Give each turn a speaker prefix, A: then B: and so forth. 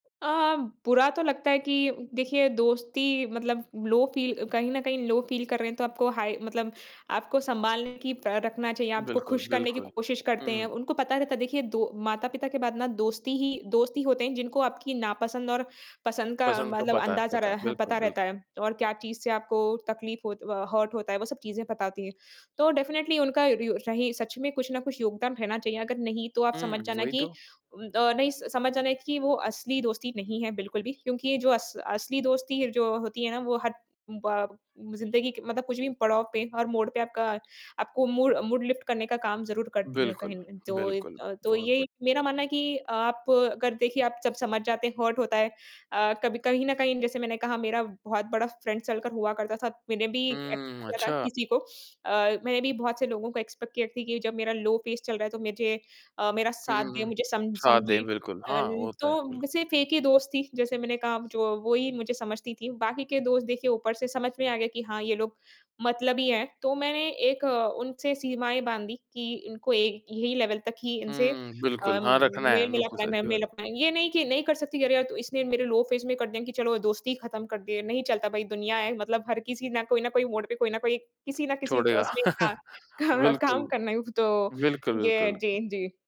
A: अ अ, बुरा तो लगता है कि देखिए दोस्ती मतलब लो फ़ील कहीं न कहीं लो फ़ील कर रहे हैं तो आपको हाई मतलब आपको सँभालने की प रखना चाहिए, आपको
B: बिल्कुल,
A: खुश करने की
B: बिल्कुल।
A: कोशिश
B: हुँ,
A: करते हैं।
B: हुँ।
A: उनको पता रहता है देखिए दो माता-पिता के बाद ना दोस्ती ही दोस्त ही होते हैं जिनको आपकी नापसंद और पसंद का
B: पसंद का
A: मतलब
B: पता है
A: अंदाज़ा
B: पता है।
A: रह
B: बिल्कुल,
A: पता
B: बिल्क
A: रहता है। और क्या चीज़ से आपको तकलीफ़ होत अ, हर्ट होता है वो सब चीज़ें पता होती हैं। तो डेफिनिटली उनका री ओ रहे सच में कुछ ना कुछ योगदान रहना चाहिए। अगर नहीं, तो आप समझ
B: हुँ,
A: जाना
B: वही
A: कि
B: तो।
A: अ, नहीं स समझ जाना कि वो असली दोस्ती नहीं है बिल्कुल भी। क्योंकि ये जो अस असली दोस्ती जो होती है ना वो हर ब ज़िन्दगी के मतलब कुछ भी पड़ाव पे, हर मोड़ पे आपका आपको मूड मूड लिफ्ट करने का काम ज़रूर करती है।
B: बिल्कुल,
A: कहीं तो,
B: बिल्कुल।
A: अ, तो
B: बहुत बढ़
A: ये मेरा मानना है कि आप अगर देखिये आप सब समझ जाते हैं, हर्ट होता है। अ, कभी कहीं न कहीं जैसे मैंने कहा मेरा बहुत बड़ा फ्रेंड सर्कल हुआ करता था। मैंने भी [unintelligible]
B: हम्म,
A: किया था
B: अच्छा।
A: किसी को। अ, मैंने भी बहुत से लोगों को एक्सपेक्ट किए थे कि जब मेरा लो फेज़ चल रहा है तो मुझे अ, मेरा
B: हुँ,
A: साथ
B: हुँ,
A: दें,
B: हुँ।
A: मुझे सम
B: साथ
A: समझे।
B: दें, बिल्कुल।
A: अल
B: हाँ, होता है।
A: तो
B: बिल्कुल।
A: सिर्फ़ एक ही दोस्त थी जैसे मैंने कहा जो वही मुझे समझती थी। बाकी के दोस्त देखिए ऊपर से समझ में आ गए कि हाँ, ये लोग मतलबी हैं। तो मैंने एक उनसे सीमाएँ बाँधी कि इनको एक यही लेवल तक ही इनसे
B: हुँ,
A: अ,
B: बिल्कुल। हाँ, रखना है। बिल्कुल
A: मेल-मिलाप रहना है।
B: सच्ची बात
A: मेल अपना
B: है।
A: ये नहीं कि नहीं कर सकती अरे यार इसने मेरे लो फेज़ में कर दिया कि चलो दोस्ती ही ख़त्म कर दिए। नहीं चलता भई, दुनिया है, मतलब हर किसी ना कोई ना कोई मोड़ पे कोई ना कोई किसी ना किसी
B: छोड़ेगा।
A: उसमें क का काम
B: बिल्कुल।
A: करना तो
B: बिल्कुल,
A: ये
B: बिल्कुल।
A: जी, जी।